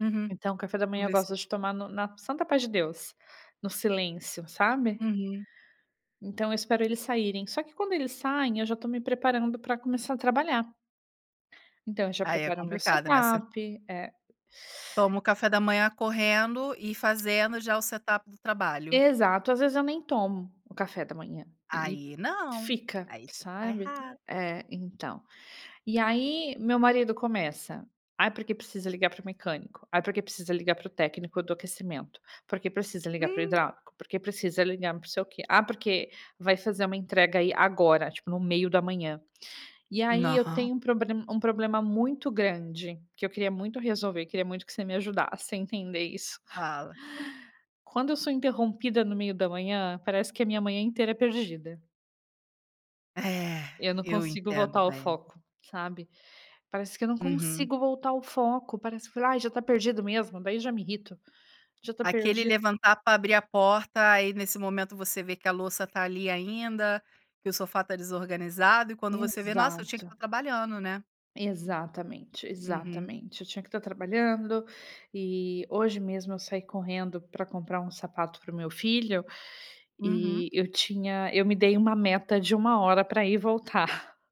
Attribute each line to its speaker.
Speaker 1: Uhum.
Speaker 2: Então, o café da
Speaker 1: Vamo
Speaker 2: manhã eu
Speaker 1: ver
Speaker 2: gosto
Speaker 1: se
Speaker 2: de tomar no na santa paz de Deus, no silêncio, sabe?
Speaker 1: Uhum.
Speaker 2: Então, eu espero eles saírem, só que quando eles saem, eu já estou me preparando para começar a trabalhar. Então eu já
Speaker 1: Aí é
Speaker 2: preparo o meu
Speaker 1: complicado, né, você
Speaker 2: setup, é e
Speaker 1: toma o café da manhã correndo e fazendo já o setup do trabalho.
Speaker 2: Exato, às vezes eu nem tomo, o café da manhã, ele
Speaker 1: Aí não,
Speaker 2: fica,
Speaker 1: aí você está
Speaker 2: sabe.
Speaker 1: errada.
Speaker 2: É, então, e aí meu marido começa: "Ah porque precisa ligar para o mecânico, ah porque precisa ligar para o técnico do aquecimento, porque precisa ligar para o
Speaker 1: Hum.
Speaker 2: hidráulico, porque precisa ligar para não sei o quê, ah porque vai fazer uma entrega aí agora, tipo no meio da manhã." E aí eu
Speaker 1: Não.
Speaker 2: tenho um proble um problema muito grande, que eu queria muito resolver, queria muito que você me ajudasse a entender isso.
Speaker 1: Fala.
Speaker 2: Quando eu sou interrompida no meio da manhã, parece que a minha manhã inteira é perdida.
Speaker 1: É,
Speaker 2: Eu não
Speaker 1: eu
Speaker 2: consigo voltar
Speaker 1: entendo
Speaker 2: ao
Speaker 1: bem.
Speaker 2: foco, sabe. Parece que eu não
Speaker 1: Uhum.
Speaker 2: consigo voltar ao foco, parece que falei: "Ai já está perdido mesmo." Daí já me irrito, já tá
Speaker 1: Aquele
Speaker 2: perdi
Speaker 1: levantar para abrir a porta. Aí nesse momento você vê que a louça tá ali ainda, que o sofá tá desorganizado e quando você vê: "Nossa, eu tinha que
Speaker 2: Exato.
Speaker 1: estar trabalhando, né".
Speaker 2: Exatamente,
Speaker 1: Uhum.
Speaker 2: exatamente. Eu tinha que tá trabalhando e hoje mesmo eu saí correndo para comprar um sapato para o meu filho.
Speaker 1: Uhum.
Speaker 2: E eu tinha eu me dei uma meta de 1 hora para ir e voltar.